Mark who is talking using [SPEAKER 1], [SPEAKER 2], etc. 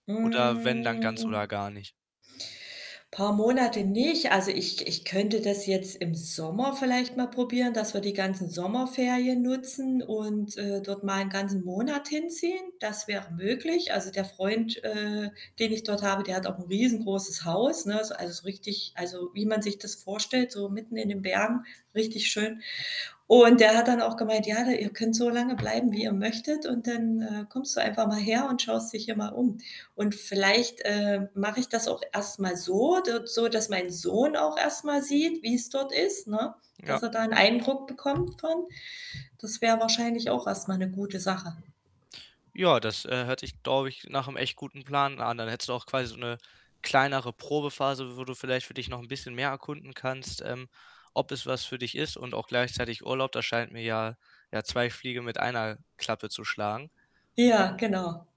[SPEAKER 1] Oder wenn, dann ganz oder
[SPEAKER 2] Hm.
[SPEAKER 1] gar nicht.
[SPEAKER 2] Paar Monate nicht. Also, ich ich könnte das jetzt im Sommer vielleicht mal probieren, dass wir die ganzen Sommerferien nutzen und, äh, dort mal 'n ganzen Monat hinziehen. Das wäre möglich. Also, der Freund, äh, den ich dort habe, der hat auch 'n riesengroßes Haus, ne, ist also, richtig also, wie man sich das vorstellt, so mitten in den Bergen, richtig schön. Und der hat dann auch gemeint: „Ja, da ihr könnt so lange bleiben, wie ihr möchtet und dann, äh, kommst du einfach mal her und schaust dich hier mal um.“ Und vielleicht, äh, mache ich das auch erst mal so d so, dass mein Sohn auch erst mal sieht, wie's dort ist, ne,
[SPEAKER 1] Ja.
[SPEAKER 2] dass er da 'n Eindruck bekommt von. Das wäre wahrscheinlich auch erst mal 'ne gute Sache.
[SPEAKER 1] Ja, das, äh, hört sich, glaube ich, nach'm echt guten Plan an. Dann hättest du auch quasi so 'ne kleinere Probephase, wo du vielleicht für dich noch 'n bisschen mehr erkunden kannst, ähm, ob es was für dich ist und auch gleichzeitig Urlaub. Da scheint mir ja, ja 2 Fliege mit einer Klappe zu schlagen.
[SPEAKER 2] Ja, genau.